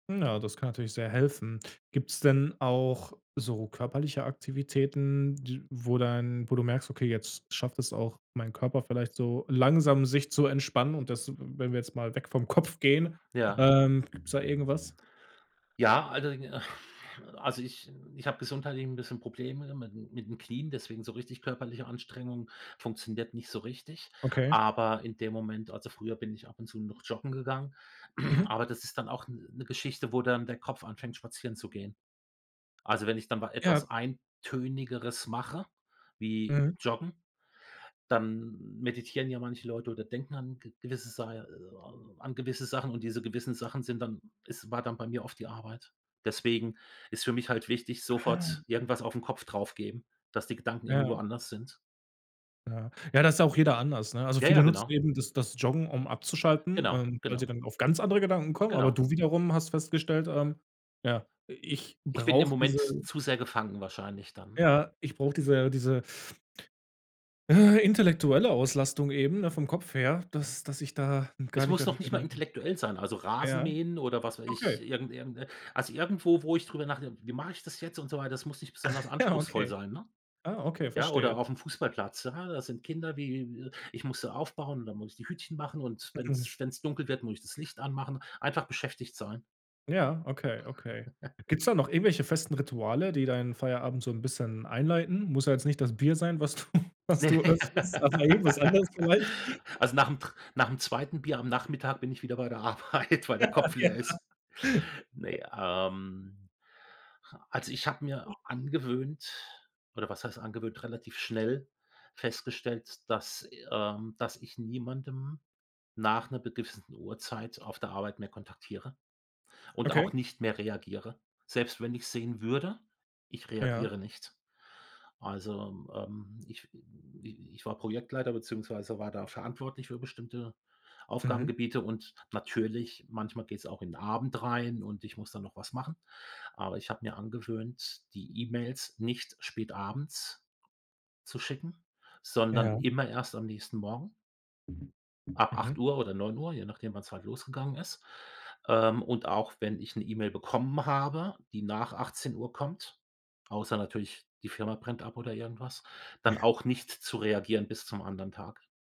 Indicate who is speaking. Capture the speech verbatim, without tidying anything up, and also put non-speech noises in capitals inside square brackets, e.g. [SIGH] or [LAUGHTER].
Speaker 1: Mm, ja, das kann natürlich sehr helfen. Gibt's denn auch so körperliche Aktivitäten d wo dann wo du merkst: „Okay, jetzt schafft es auch meinen Körper vielleicht so langsam sich zu entspannen und das“ w wenn wir jetzt mal weg vom Kopf gehen,
Speaker 2: Ja.
Speaker 1: ähm, gibt's da irgendwas?
Speaker 2: Ja, also i [SIGHS] also, ich ich habe gesundheitlich 'n bisschen Probleme mit'n mit'n Knien, deswegen so richtig körperliche Anstrengung funktioniert nicht so richtig.
Speaker 1: Okay.
Speaker 2: Aber in dem Moment also, früher bin ich ab und zu noch joggen gegangen, [CLEARS THROAT]
Speaker 1: Mhm.
Speaker 2: aber das ist dann auch 'n 'ne Geschichte, wo dann der Kopf anfängt, spazieren zu gehen. Also, wenn ich dann wa
Speaker 1: Ja.
Speaker 2: etwas eintönigeres mache wie
Speaker 1: Mhm.
Speaker 2: Joggen, dann meditieren ja manche Leute oder denken an g gewisse Sai äh, an gewisse Sachen und diese gewissen Sachen sind dann es war dann bei mir oft die Arbeit. Deswegen ist für mich halt wichtig,
Speaker 1: Ah,
Speaker 2: sofort
Speaker 1: okay.
Speaker 2: irgendwas auf 'n Kopf drauf geben, dass die Gedanken irgendwo
Speaker 1: Ja.
Speaker 2: anders sind.
Speaker 1: Ja. Ja da ist ja auch jeder anders, ne? Also,
Speaker 2: Ja,
Speaker 1: viele
Speaker 2: ja,
Speaker 1: nutzen
Speaker 2: genau.
Speaker 1: eben das das Joggen, um abzuschalten,
Speaker 2: Genau,
Speaker 1: ähm, weil sie
Speaker 2: genau.
Speaker 1: dann auf ganz andere Gedanken kommen, aber
Speaker 2: Genau.
Speaker 1: du wiederum hast festgestellt, ähm: „Ja, i ich
Speaker 2: Ich bin im
Speaker 1: brauche
Speaker 2: Moment
Speaker 1: diese“
Speaker 2: zu sehr gefangen wahrscheinlich dann, ne?
Speaker 1: ja, ich brauche diese diese, äh, intellektuelle Auslastung eben, ne, vom Kopf her,
Speaker 2: Ja.
Speaker 1: dass dass ich da gar
Speaker 2: Es
Speaker 1: nicht
Speaker 2: muss
Speaker 1: an
Speaker 2: noch
Speaker 1: die
Speaker 2: nicht mal
Speaker 1: Gedanken
Speaker 2: intellektuell sein, also,
Speaker 1: Ja.
Speaker 2: Rasenmähen oder, was weiß ich,
Speaker 1: Okay.
Speaker 2: irgend irgend äh, also, irgendwo, wo ich drüber nachdenke: „Wie mache ich das jetzt und so weiter“, das muss nicht besonders
Speaker 1: [CHUCKLES] Ja,
Speaker 2: anspruchsvoll
Speaker 1: okay.
Speaker 2: sein, ne?
Speaker 1: Ah, okay,
Speaker 2: Ja,
Speaker 1: verstehe.
Speaker 2: oder auf'm Fußballplatz, ah, da sind Kinder wie, ich muss sie aufbauen und dann muss ich die Hütchen machen und wenn's
Speaker 1: Mhm.
Speaker 2: wenn's dunkel wird, muss ich das Licht anmachen. Einfach beschäftigt sein.
Speaker 1: Ja, okay, okay.
Speaker 2: [CHUCKLES]
Speaker 1: Gibt's da noch irgendwelche festen Rituale, die deinen Feierabend so 'n bisschen einleiten? Muss ja jetzt nicht das Bier sein, was du was du öffnest [UNINTELLIGIBLE] bei jedem was anderes
Speaker 2: [LAUGHS]
Speaker 1: vielleicht.
Speaker 2: Also, nach'm Tr nach'm zweiten Bier am Nachmittag bin ich wieder bei der Arbeit, weil der
Speaker 1: Ja,
Speaker 2: Kopf
Speaker 1: ja.
Speaker 2: leer ist. Ne, ähm, ha also, ich habe mir angewöhnt oder was heißt angewöhnt, relativ schnell festgestellt, dass, i ähm, dass ich niemandem nach 'ner gewissen Uhrzeit auf der Arbeit mehr kontaktiere und auch
Speaker 1: Okay.
Speaker 2: nicht mehr reagiere. Selbst wenn ich's sehen würde, ich
Speaker 1: Ja.
Speaker 2: reagiere nicht. Also, ähm, ich w i ich war Projektleiter beziehungsweise war da verantwortlich für bestimmte
Speaker 1: Mhm.
Speaker 2: Aufgabengebiete. Und natürlich, manchmal geht's auch in Abend rein und ich muss da noch was machen. Aber ich habe mir angewöhnt, die E-Mails nicht spätabends zu schicken, sondern
Speaker 1: Ja.
Speaker 2: immer erst am nächsten Morgen ab
Speaker 1: Mhm.
Speaker 2: acht Uhr oder neun Uhr, je nachdem, wann's halt losgegangen ist. Ähm, und auch wenn ich 'ne E-Mail bekommen habe, die nach achtzehn Uhr kommt, außer natürlich die Firma brennt ab oder irgendwas, dann
Speaker 1: [CHUCKLES]
Speaker 2: auch nicht zu reagieren bis zum anderen Tag.